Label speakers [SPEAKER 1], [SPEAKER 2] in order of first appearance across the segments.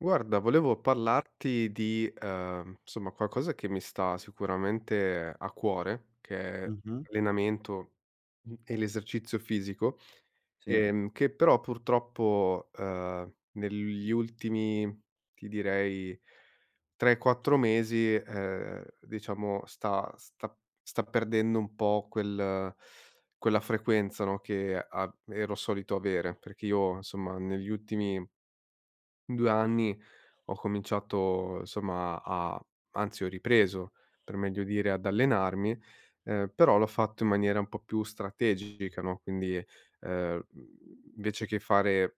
[SPEAKER 1] Guarda volevo parlarti di, uhm, somma, qualcosa che mi sta sicuramente a cuore che è
[SPEAKER 2] Mh-mh.
[SPEAKER 1] allenamento, mhmm, e l'esercizio fisico,
[SPEAKER 2] Sì.
[SPEAKER 1] ehm, che però purtroppo, uhm, negli ultimi, ti direi 3, 4 mesi, ehm, diciamo, sta sta sta perdendo un po' quel quella frequenza, no, che av ero solito avere, perché io, insomma, negli ultimi 2 anni ho cominciato, somma, a a anzi ho ripreso per meglio dire ad allenarmi, uhm, però l'ho fatto in maniera un po' più strategica, no, quindi, ehm, mhmm, invece che fare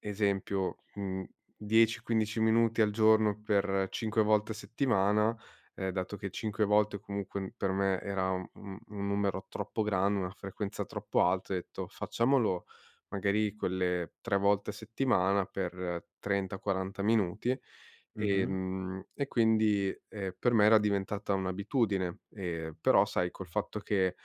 [SPEAKER 1] esempio, mhmm, 10, 15 minuti al giorno per 5 volte a settimana, ehm, dato che 5 volte comunque n per me era u un un numero troppo grande, una frequenza troppo alta, ho etto: "Facciamolo magari quelle 3 volte a settimana per 30, 40 minuti."
[SPEAKER 2] Mh-mh.
[SPEAKER 1] Ehm, e quindi, ehm, per me era diventata un'abitudine, ehm, però sai col fatto che,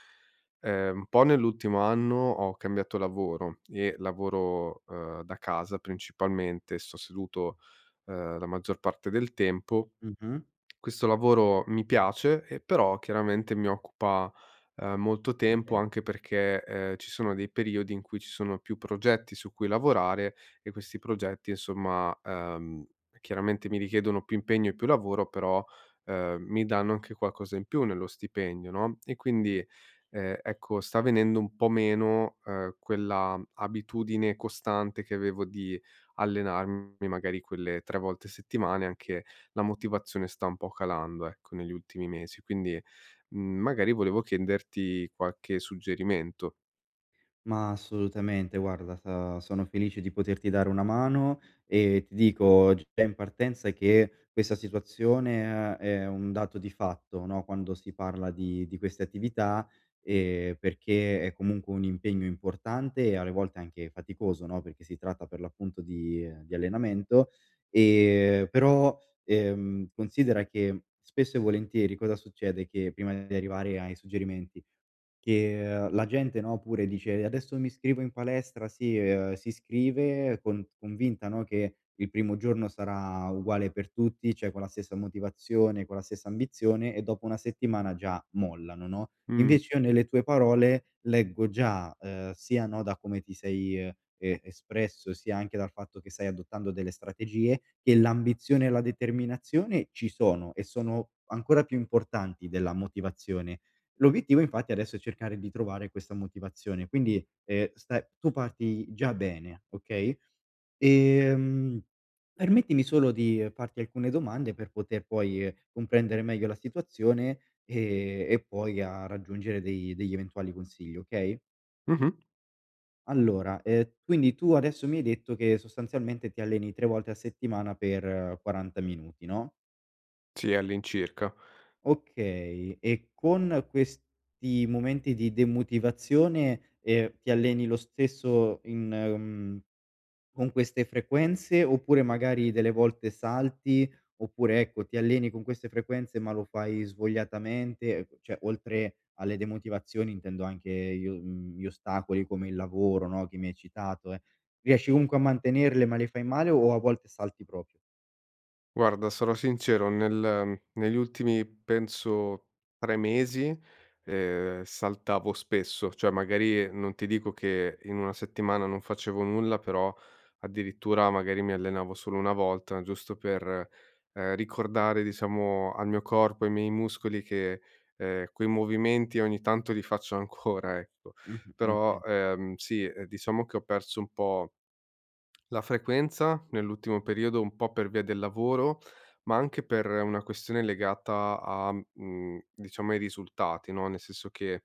[SPEAKER 1] ehm, un po' nell'ultimo anno ho cambiato lavoro, e lavoro, uhm, da casa principalmente, sto seduto, uhm, la maggior parte del tempo,
[SPEAKER 2] Mh-mh.
[SPEAKER 1] questo lavoro mi piace, ehm, però chiaramente mi occupa, ehm, molto tempo anche
[SPEAKER 2] [unintelligible]
[SPEAKER 1] perché, ehm, ci sono dei periodi in cui ci sono più progetti su cui lavorare, e questi progetti, insomma, uhm, chiaramente mi richiedono più impegno e più lavoro però, uhm, mi danno anche qualcosa in più nello stipendio, no, e quindi, ehm, ecco sta venendo un po' meno, uhm, quella abitudine costante che avevo di allenarmi magari quelle 3 volte a settimana e anche la motivazione sta un po' calando, ecco, negli ultimi mesi, quindi, mhmm, magari volevo chiederti qualche suggerimento.
[SPEAKER 2] Ma assolutamente guarda sa sono felice di poterti dare una mano e ti dico g già in partenza che questa situazione uhm, è un dato di fatto, no, quando si parla di di queste attività, e perché è comunque un impegno importante e alle volte anche faticoso no, perché si tratta per l'appunto di, uhm, di allenamento, e però, ehm, considera che spesso e volentieri cosa succede, che prima di arrivare ai suggerimenti, che, uhm, la gente, no, pure dice: "Adesso mi iscrivo in palestra." Si uhm, si iscrive con convinta, no, che il primo giorno sarà uguale per tutti, cioè con la stessa motivazione, con la stessa ambizione e dopo una settimana già mollano, no,
[SPEAKER 1] Mh.
[SPEAKER 2] invece io nelle tue parole leggo già, uhm, sia, no, da come ti sei, uhm, e espresso sia anche dal fatto che sai adottando delle strategie, che l'ambizione e la determinazione ci sono e sono ancora più importanti della motivazione. L'obiettivo infatti adesso è cercare di trovare questa motivazione. Quindi, ehm, stai tu parti già bene, okay,
[SPEAKER 1] Okay.
[SPEAKER 2] ehm, permettimi solo di, farti alcune domande per poter poi, comprendere meglio la situazione e e poi a raggiungere dei degli eventuali consigli, okay?
[SPEAKER 1] Mh-mh.
[SPEAKER 2] Allora, ehm, quindi tu adesso mi hai detto che sostanzialmente ti alleni 3 volte a settimana per 40 minuti no?
[SPEAKER 1] Sì, all'incirca.
[SPEAKER 2] Okay, e con questi momenti di demotivazione, ehm, ti alleni lo stesso in mhmm, con queste frequenze, oppure magari delle volte salti oppure, ecco, ti alleni con queste frequenze ma lo fai svogliatamente e cioè oltre alle demotivazioni intendo anche gli uhm, gli ostacoli come il lavoro, no, che mi hai citato, eh, riesci comunque a mantenerle ma le fai male o a volte salti proprio?
[SPEAKER 1] Guarda, sarò sincero, nel negli ultimi penso 3 mesi, ehm, saltavo spesso, cioè magari non ti dico che in 1 settimana non facevo nulla però addirittura magari mi allenavo solo 1 volta, giusto per, ehm, ricordare diciamo al mio corpo, ai miei muscoli che, ehm, quei movimenti ogni tanto li faccio ancora ecco,
[SPEAKER 2] Mh-mh,
[SPEAKER 1] però,
[SPEAKER 2] oka
[SPEAKER 1] ehm, sì e diciamo che ho perso un po' la frequenza nell'ultimo periodo, un po' per via del lavoro, ma anche per una questione legata a mhmm, diciamo ai risultati, no, nel senso che,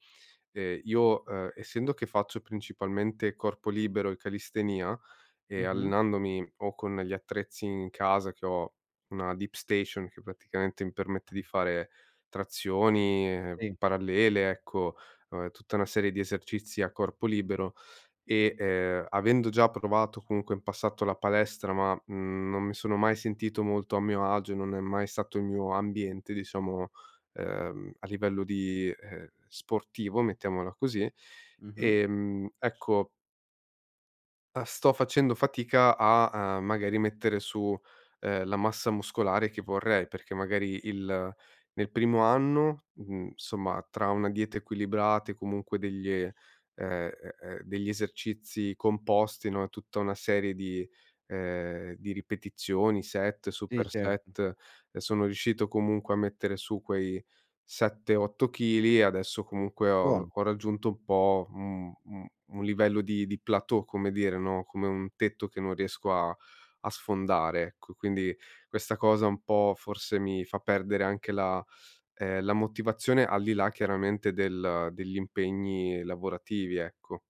[SPEAKER 1] ehm, io, uhm, essendo che faccio principalmente corpo libero e callistenìa, ehm,
[SPEAKER 2] Mh-mh.
[SPEAKER 1] allenandomi o con gli attrezzi in casa che ho una Deep Station che praticamente mi permette di fare trazioni,
[SPEAKER 2] Sì.
[SPEAKER 1] parallele, ecco, uhm, tutta una serie di esercizi a corpo libero e, ehm, avendo già provato comunque in passato la palestra, ma, mhmm, non mi sono mai sentito molto a mio agio, e non è mai stato il mio ambiente diciamo, ehm, a livello di ehm, sportivo, mettiamola così,
[SPEAKER 2] Mh-mh.
[SPEAKER 1] ehm, ecco uhm, sto facendo fatica a, uhm, magari mettere su, ehm, la massa muscolare che vorrei perché magari il nel primo anno, mhmm, insomma tra una dieta equilibrata e comunque degli ehm, e e degli esercizi composti, no, e tutta una serie di ehm, di ripetizioni, set,
[SPEAKER 2] Sì,
[SPEAKER 1] super
[SPEAKER 2] certo.
[SPEAKER 1] set, e sono riuscito comunque a mettere su quei 7, 8 chili e adesso comunque ho
[SPEAKER 2] Buono.
[SPEAKER 1] ho raggiunto un po' un un un livello di di plateau come dire, no, come un tetto che non riesco a a sfondare, ecco, quindi questa cosa un po' forse mi fa perdere anche la ehm, la motivazione al di là chiaramente del degli impegni lavorativi ecco.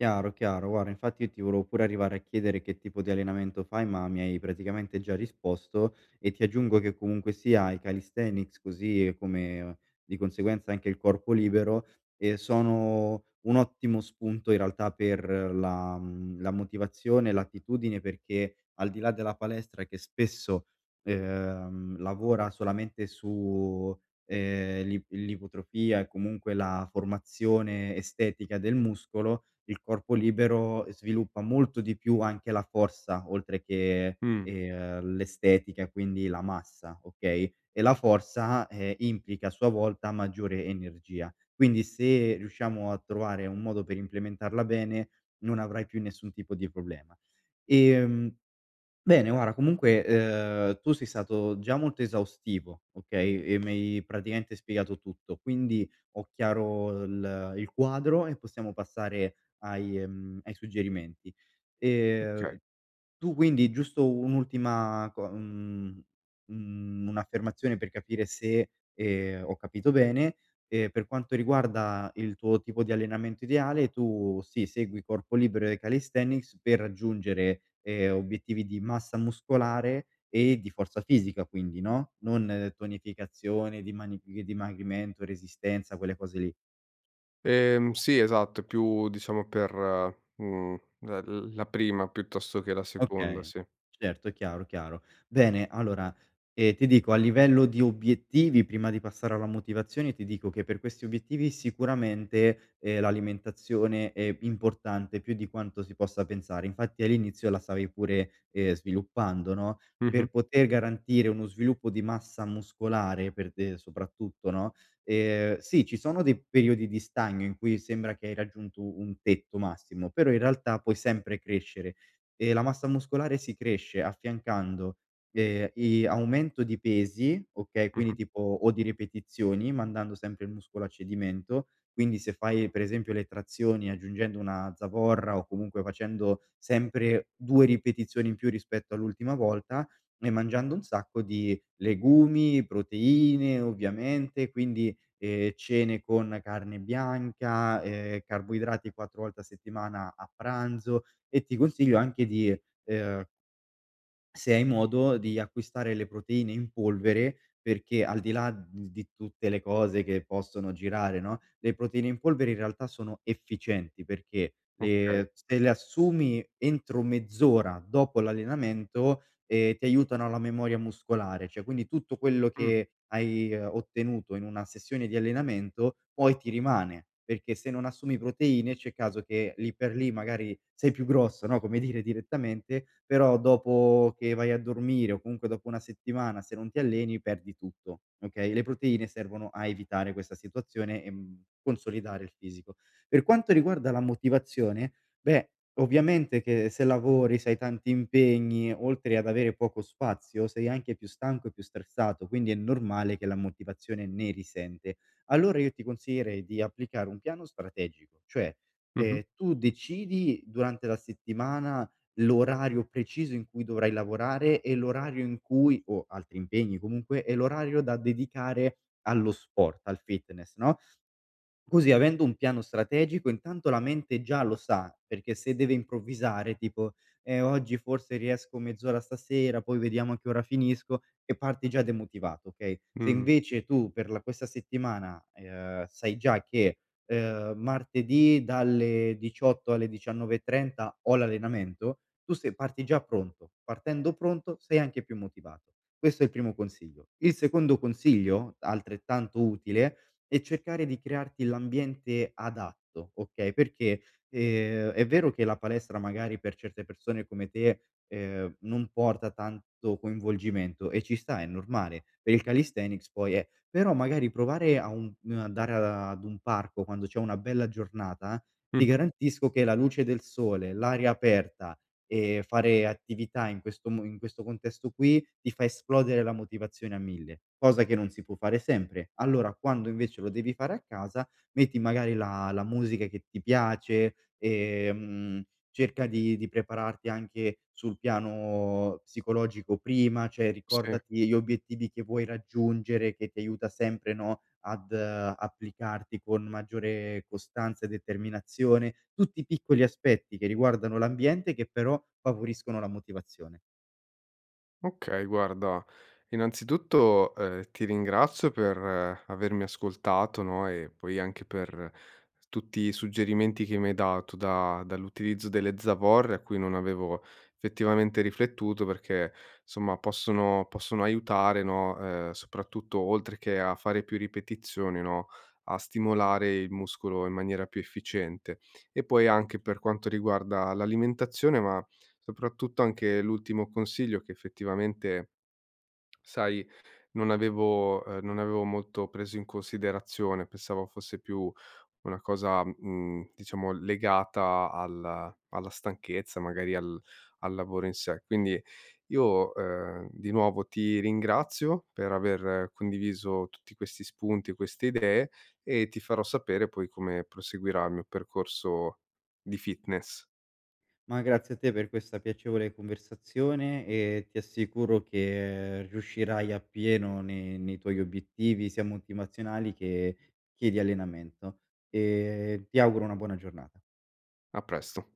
[SPEAKER 2] Chiaro, chiaro guarda infatti io ti volevo pure arrivare a chiedere che tipo di allenamento fai, ma mi hai praticamente già risposto, e ti aggiungo che comunque sia i calisthenics così come di conseguenza anche il corpo libero, ehm, sono un ottimo spunto in realtà per la mhmm, la motivazione, l'attitudine perché al di là della palestra che spesso, ehm, lavora solamente su, ehm, l'ip l'ipotrofia e comunque la formazione estetica del muscolo, il corpo libero sviluppa molto di più anche la forza oltre che,
[SPEAKER 1] Mh.
[SPEAKER 2] ehm, l'estetica e quindi la massa, okay, e la forza, ehm, implica a sua volta maggiore energia quindi se riusciamo a trovare un modo per implementarla bene non avrai più nessun tipo di problema. Ehm, bene guarda comunque, uhm, tu sei stato già molto esaustivo, okay, e mi hai praticamente spiegato tutto quindi ho chiaro il il quadro e possiamo passare ai ehm, ai suggerimenti, ehm,
[SPEAKER 1] Okay.
[SPEAKER 2] tu quindi giusto un'ultima co mhmm, mhmm, un'affermazione per capire se, ehm, ho capito bene, ehm, per quanto riguarda il tuo tipo di allenamento ideale tu sì segui corpo libero e calisthenics per raggiungere, ehm, obiettivi di massa muscolare e di forza fisica quindi, no, non tonificazione dimani di dimagrimento, resistenza, quelle cose lì?
[SPEAKER 1] Ehm, sì esatto. È più diciamo per, mhmm, ehm, l la prima piuttosto che la seconda,
[SPEAKER 2] Okay.
[SPEAKER 1] sì.
[SPEAKER 2] Certo, è chiaro, chiaro. Bene, allora, ehm, ti dico a livello di obiettivi prima di passare alla motivazione ti dico che per questi obiettivi sicuramente, ehm, l'alimentazione è importante più di quanto si possa pensare. Infatti all'inizio la stavi pure, ehm, sviluppando, no,
[SPEAKER 1] Mh-mh.
[SPEAKER 2] per poter garantire uno sviluppo di massa muscolare per te soprattutto, no, ehm, sì ci sono dei periodi di stagno in cui sembra che hai raggiunto un tetto massimo, però in realtà puoi sempre crescere e la massa muscolare si cresce affiancando, ehm, i aumento di pesi, okay, quindi
[SPEAKER 1] Mh-mh.
[SPEAKER 2] tipo o di ripetizioni mandando sempre il muscolo a cedimento, quindi se fai per esempio le trazioni aggiungendo una zavorra o comunque facendo sempre 2 ripetizioni in più, rispetto all'ultima volta, e mangiando un sacco di legumi, proteine, ovviamente, quindi, ehm, cene con carne bianca, ehm, carboidrati 4 volte a settimana a pranzo e, ti consiglio, anche di, ehm se hai modo, di acquistare le proteine in polvere, perché, al di là d di tutte le cose che possono girare, no, le proteine in polvere in realtà sono efficienti perché
[SPEAKER 1] Okay.
[SPEAKER 2] le se le assumi entro mezz'ora dopo l'allenamento, ehm, ti aiutano alla memoria muscolare; cioè, quindi tutto quello
[SPEAKER 1] Mh.
[SPEAKER 2] che hai, ehm, ottenuto in una sessione di allenamento poi ti rimane perché, se non assumi proteine, c'è caso che, lì per lì, magari sei più grosso, no, come dire direttamente, però dopo che vai a dormire, o comunque dopo 1 settimana, se non ti alleni perdi tutto, okay, le proteine servono a evitare questa situazione e, mhmm, consolidare il fisico. Per quanto riguarda la motivazione, beh, ovviamente che se lavori, se hai tanti impegni, oltre ad avere poco spazio, sei anche più stanco e più stressato, quindi è normale che la motivazione ne risente. Allora io ti consiglierei di applicare un piano strategico, cioè,
[SPEAKER 1] Mh-mh.
[SPEAKER 2] ehm, tu decidi durante la settimana l'orario preciso in cui dovrai lavorare e l'orario in cui o altri impegni comunque, e l'orario da dedicare allo sport, al fitness, no, così, avendo un piano strategico, intanto la mente già lo sa, perché se deve improvvisare tipo: "Eh, oggi forse riesco mezz'ora stasera, poi vediamo a che ora finisco." E parti già demotivato, okay, se
[SPEAKER 1] Mh.
[SPEAKER 2] invece tu per la questa settimana, ehm, sai già che, ehm: "Martedì dalle 18 alle 19:30 ho l'allenamento." Tu sei parti già pronto. Partendo pronto sei anche più motivato. Questo è il primo consiglio. Il secondo consiglio, altrettanto utile, è cercare di crearti l'ambiente adatto, okay, perché, ehm, è vero che la palestra magari per certe persone come te, ehm, non porta tanto coinvolgimento e ci sta è normale, per il calisthenics poi, eh, però magari provare a un mhmm, andare ad un parco quando c'è una bella giornata ti
[SPEAKER 1] Mh-mh.
[SPEAKER 2] garantisco che la luce del sole, l'aria aperta e fare attività in questo mo in questo contesto qui, ti fa esplodere la motivazione a mille, cosa che non si può fare sempre. Allora, quando invece lo devi fare a casa metti magari la la musica che ti piace, ehm, mhmm, cerca di di prepararti anche sul piano psicologico prima, cioè,
[SPEAKER 1] Sì.
[SPEAKER 2] ricordati gli obiettivi che vuoi raggiungere, che ti aiuta sempre, no, ad applicarti con maggiore costanza e determinazione. Tutti piccoli aspetti che riguardano l'ambiente, che però favoriscono la motivazione.
[SPEAKER 1] Okay, guarda, innanzitutto, ehm, ti ringrazio per avermi ascoltato, no, e poi anche per tutti i suggerimenti che mi hai dato da dall'utilizzo delle zavorre a cui non avevo effettivamente riflettuto perché somma, possono possono aiutare, no, uhm soprattutto oltre che a fare più ripetizioni, no, a stimolare il muscolo in maniera più efficiente, e poi anche per quanto riguarda l'alimentazione ma soprattutto anche l'ultimo consiglio che effettivamente sai non avevo uhm, non avevo molto preso in considerazione, pensavo fosse più una cosa, mhmm, diciamo legata al alla stanchezza, magari al al lavoro in sé. Quindi io, uhm, di nuovo ti ringrazio per aver condiviso tutti questi spunti, queste idee e ti farò sapere poi come proseguirà il mio percorso di fitness.
[SPEAKER 2] Ma grazie a te per questa piacevole conversazione e ti assicuro che riuscirai appieno ne nei tuoi obiettivi sia motivazionali che che di allenamento, ehm, ti auguro una buona giornata.
[SPEAKER 1] A presto!